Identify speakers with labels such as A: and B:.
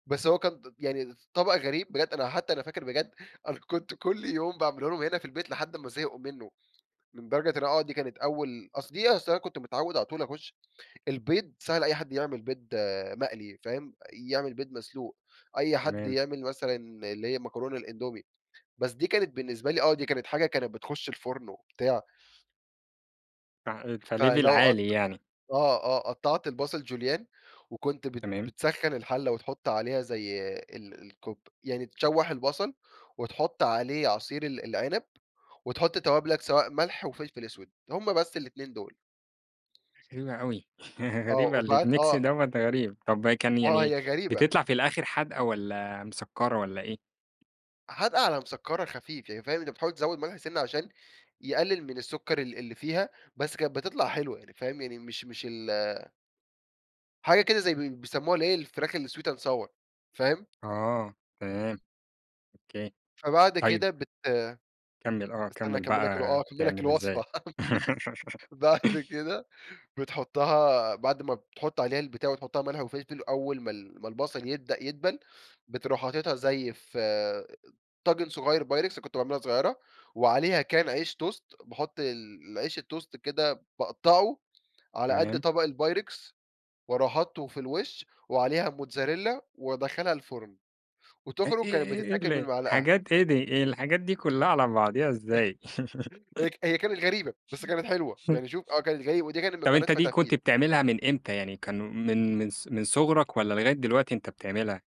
A: بس هو كان ط يعني ط ط طبق غريب بجد، أنا حتى أنا فاكر بجد، أنا كنت كل يوم باعمله لهم هنا في البيت لحد أمَّا زهقوا منه. لدرجة إن آه، دي كانت أول أصل دي أصل أنا كنت متعود على طول أخش البيض سهل أي حد يعمل بيض مقلي، فاهم، يعمل بيض مسلوق، أي حد
B: تمام.
A: يعمل مثلًا اللي هي مكرونة الأندومي، بس دي كانت بالنسبة لي آه، دي كانت حاجة كانت بتخش الفُرن وبتاع
B: ع أنت Level
A: فلو قط
B: عالي يعني.
A: آه، آه، قطعت البصل جوليان وكنت بت
B: تمام.
A: بتسخن الحلة وتحط عليها زي ال الكوب يعني تشوح البصل وتحط عليه عصير ال العنب وتحط توابلك؛ سواء ملح وفلفل أسود، هم بس ال2 دول.
B: غريبة أوي هي
A: آه،
B: غريبة، ال
A: وبعد
B: الميكس
A: آه.
B: دوَّة غريب. طَب كان
A: آه
B: يعني
A: هي غريبة.
B: بتطلع في الآخر حادقة والَّا مسكرة والَّا إيه؟
A: حادقة على مسكرة خفيف، يعني فاهم، أنت بتحاول تزود ملح سِنَّة عشان يقلل من السكر ال اللي فيها، بس كانت بتطلع حلوة. يعني فاهم، يعني مش مش ال حاجة كده زي بي بيسموها الإيه، الفراخ الsweet and sour فاهم؟
B: آه، تمام أوكي،
A: فبعد
B: طيب
A: كده بت
B: كمل آه
A: أستنى
B: كمل
A: أكمل لك الو
B: بقى
A: آه، أكمل لك
B: بتعملها إزاي؟
A: الوصفة، بعد كده بتحطها بعد ما بتحط عليها البتاع وتحط لها ملح أول ما ال ما البصل يبدأ يدبل، بتروح حاطيتها زي في طاجن صغير pyrex كنت باعملها صغيرة، وعليها كان عيش toast باحط ال العيش الtoast كده باقطعه على قد
B: تمام.
A: طبق الpyrex، وأروح حاطُّه في الوش وعليها موتزاريلا وأدخلّها الفرن
B: إي
A: وتخرج،
B: إيه
A: كانت
B: إيه إيه
A: بتتاكل
B: ال
A: بالمعلقة.
B: حاجات إيه دي، هي الحاجات دي كلها على بعضيها إزاي؟
A: هي هي كانت غريبة، بس كانت حلوة. يعني شوف آه، كانت غريبة، ودي كانت من
B: طب
A: قناة
B: أنت دي كنت
A: فتافيت.
B: بتعملها من إمتى يعني؟ كان من من ص من صُغرك والَّا لغاية دلوقتي أنت بتعملها؟